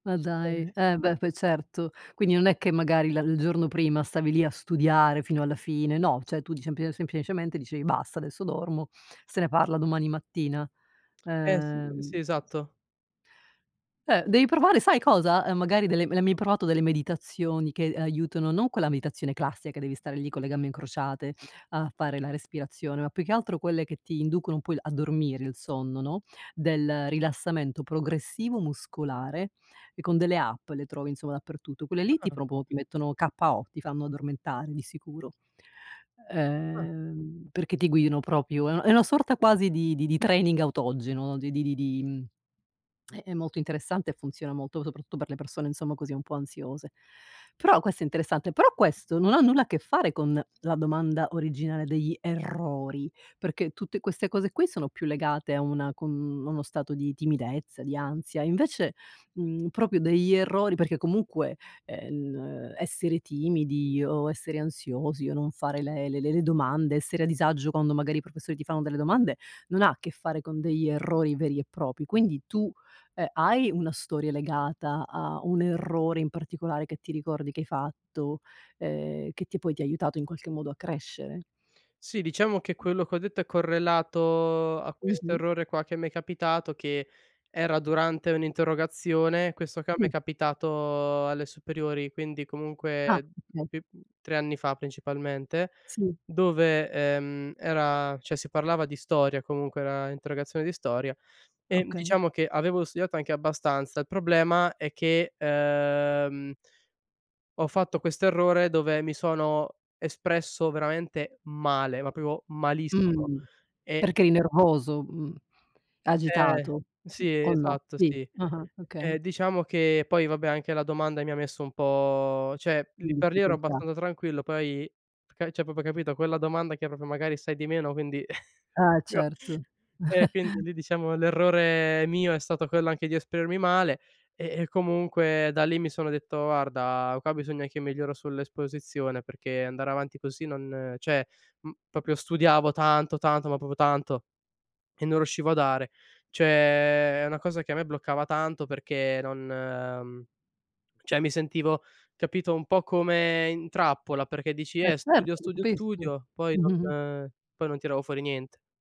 Ma dai, [unintelligible] eh, beh, poi certo. Quindi, non è che magari, la il giorno prima, stavi lì a studiare fino alla fine, no, cioè tu di cempli semplicemente dicevi: "Basta, adesso dormo, se ne parla domani mattina", Eh, s uhm sì, esatto. Eh, devi provare, sai cosa? Ehm, magari, delle le hai mai provato delle meditazioni? Che, ehm, aiutano non quella meditazione classica, che devi stare lì, con le gambe incrociate a fare la respirazione, ma più che altro, quelle che ti inducono un po' il a dormire, il sonno, no, del rilassamento progressivo muscolare e con delle app le trovi, insomma, dappertutto. Quelle lì, ti Ah. proprio ti mettono k.o. ti fanno addormentare, di sicuro. Ah. Uhm, perché ti guidano proprio, è una è una sorta quasi, di di di training autogeno. Di di di di è è molto interessante e funziona molto. Soprattutto, per le persone, insomma, così, un po' ansiose. Però, questo è interessante. Però questo, non ha nulla a che fare con la domanda originale degli errori perché, tutte queste cose qui, sono più legate a una com uno stato di timidezza, di ansia, invece, mhmm, proprio degli errori perché comunque, ehm, n essere timidi o essere ansiosi o non fare le le le le domande, essere a disagio quando magari i professori ti fanno delle domande, non ha a che fare con degli errori veri e propri. Quindi, tu, uhm, hai una storia legata a un errore in particolare, che ti ricordi che hai fatto? Ehm, che ti poi, ti ha aiutato in qualche modo a crescere? Sì, diciamo che quello che ho detto, è correlato a questo Mh-mh. errore qua che m'è capitato, che era durante un'interrogazione. Questo qua mi è Mh. capitato alle superiori, quindi, Ah, comunque okay. bi 3 anni fa principalmente. Sì. Dove, ehm, era cioè si parlava di storia comunque, era interrogazione di storia, ehm, Okay. diciamo che avevo studiato anche abbastanza. Il problema è che, uhm ho fatto questo errore, dove mi sono espresso veramente male, ma proprio malissimo Mh. e Perché eri [unintelligible] nervoso? Mhmm, Eh, ehm agitato, sì, o no? esatto, Sì, sì. ah-ah, Ehm, okay. diciamo che poi, vabbè, anche la domanda mi ha messo un po cioè lì In per lì, ero difficoltà. abbastanza tranquillo, poi, f car cioè, proprio capito? Quella domanda che proprio magari sai di meno, quindi Eh, io certo. e quindi, lì diciamo, l'errore mio è stato quello anche di esprimermi male e e comunque da lì, mi sono detto: "Guarda, qua bisogna che miglioro sull'esposizione, perché andare avanti così, non", cioè m proprio studiavo tanto, tanto, ma proprio tanto e non riuscivo a dare. Cioè è una cosa che a me bloccava tanto, perché non uhm, cioè mi sentivo capito, un po' come in trappola, perché dici: Eh "Eh, certo, studio, lo studio, capisco. studio", poi Mh-mh. Mh. non poi non tiravo fuori niente.